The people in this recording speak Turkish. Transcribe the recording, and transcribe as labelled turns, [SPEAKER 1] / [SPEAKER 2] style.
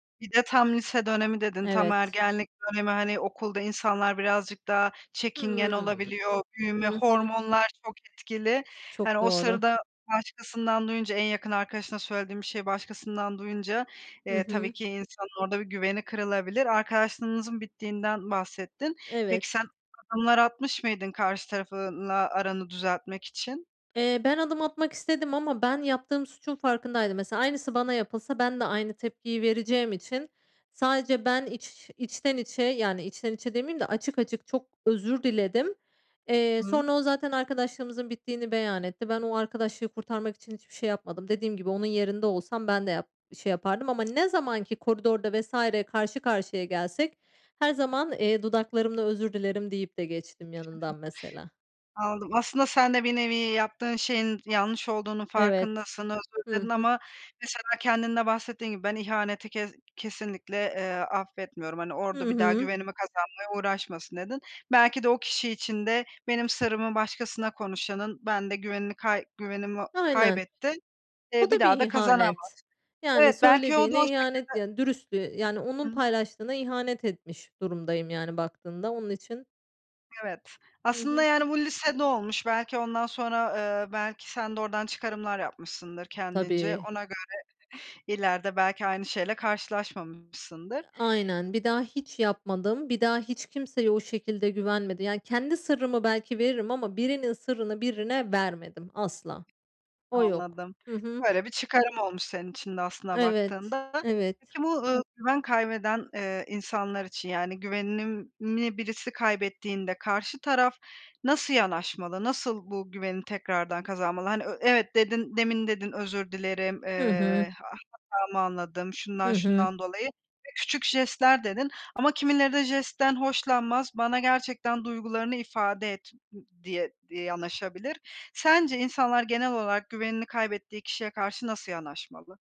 [SPEAKER 1] Bir de tam lise dönemi dedin; tam
[SPEAKER 2] Evet.
[SPEAKER 1] ergenlik dönemi. Hani, okulda insanlar birazcık daha çekingen
[SPEAKER 2] Hımm.
[SPEAKER 1] olabiliyor; büyüme,
[SPEAKER 2] Hı hı.
[SPEAKER 1] hormonlar çok etkili. Hani,
[SPEAKER 2] Çok
[SPEAKER 1] o
[SPEAKER 2] doğru.
[SPEAKER 1] sırada başkasından duyunca; en yakın arkadaşına söylediğim bir şey, başkasından duyunca,
[SPEAKER 2] Hı
[SPEAKER 1] eee,
[SPEAKER 2] hı.
[SPEAKER 1] tabii ki insanın orada bir güveni kırılabilir. Arkadaşlığınızın bittiğinden bahsettin. Peki,
[SPEAKER 2] Evet.
[SPEAKER 1] sen adımlar atmış mıydın karşı tarafla aranı düzeltmek için?
[SPEAKER 2] Eee, ben adım atmak istedim ama ben yaptığım suçun farkındaydım mesela. Aynısı bana yapılsa, ben de aynı tepkiyi vereceğim için sadece ben iç içten içe yani, içten içe demeyeyim de açık açık çok özür diledim. Eee,
[SPEAKER 1] Hıı.
[SPEAKER 2] sonra o zaten arkadaşlığımızın bittiğini beyan etti. Ben o arkadaşlığı kurtarmak için hiçbir şey yapmadım. Dediğim gibi, onun yerinde olsam ben de yap şey yapardım. Ama ne zamanki koridorda vs. karşı karşıya gelsek, her zaman, eee, dudaklarımda "Özür dilerim." deyip de geçtim yanından mesela.
[SPEAKER 1] Anladım. Aslında sen de bir nevi yaptığın şeyin yanlış olduğunun
[SPEAKER 2] Evet.
[SPEAKER 1] farkındasın. Özür
[SPEAKER 2] Hı
[SPEAKER 1] diledin
[SPEAKER 2] hı.
[SPEAKER 1] ama, mesela, kendinde bahsettiğin gibi, ben ihaneti ke kesinlikle, eee, affetmiyorum. Hani,
[SPEAKER 2] Hı
[SPEAKER 1] orada bir daha
[SPEAKER 2] hı.
[SPEAKER 1] güvenimi kazanmaya uğraşmasın, dedin. Belki de o kişi için de: "Benim sırrımı başkasına konuşanın ben de güvenini kayb güvenimi
[SPEAKER 2] Aynen.
[SPEAKER 1] kaybetti. İii,
[SPEAKER 2] O
[SPEAKER 1] bir
[SPEAKER 2] da bir
[SPEAKER 1] daha da kazanamaz."
[SPEAKER 2] ihanet. Yani,
[SPEAKER 1] Evet, belki o da o
[SPEAKER 2] söylediğine ihanet
[SPEAKER 1] şekilde
[SPEAKER 2] yani; dürüstlüğe Yani, onun
[SPEAKER 1] Hıı.
[SPEAKER 2] paylaştığına ihanet etmiş durumdayım yani, baktığında onun için
[SPEAKER 1] Evet,
[SPEAKER 2] Hı
[SPEAKER 1] aslında
[SPEAKER 2] hı.
[SPEAKER 1] yani bu lisede olmuş, belki ondan sonra, eee, belki sen de oradan çıkarımlar yapmışsındır kendince.
[SPEAKER 2] Tabii.
[SPEAKER 1] Ona göre ileride belki aynı şeyle karşılaşmamışsındır.
[SPEAKER 2] Iıı, aynen. Bir daha hiç yapmadım. Bir daha hiç kimseye o şekilde güvenmedim yani. Kendi sırrımı belki veririm ama birinin sırrını birine vermedim, asla. O yok.
[SPEAKER 1] Anladım.
[SPEAKER 2] Hı hı.
[SPEAKER 1] Böyle bir çıkarım olmuş senin için de aslında,
[SPEAKER 2] Iıı, evet.
[SPEAKER 1] baktığında.
[SPEAKER 2] Evet.
[SPEAKER 1] Peki, bu, eee, güven kaybeden, eee, insanlar için, yani güvenini birisi kaybettiğinde, karşı taraf nasıl yanaşmalı; nasıl bu güveni tekrardan kazanmalı? Hani, ö evet dedin; demin dedin, özür dilerim,
[SPEAKER 2] Hı hı.
[SPEAKER 1] eee, a hatamı anladım, şundan
[SPEAKER 2] Hı hı.
[SPEAKER 1] şundan dolayı. [unintelligible] Küçük jestler dedin ama kimileri de jestten hoşlanmaz; bana gerçekten duygularını ifade et, ı diye di yanaşabilir. Sence insanlar, genel olarak güvenini kaybettiği kişiye karşı nasıl yanaşmalı?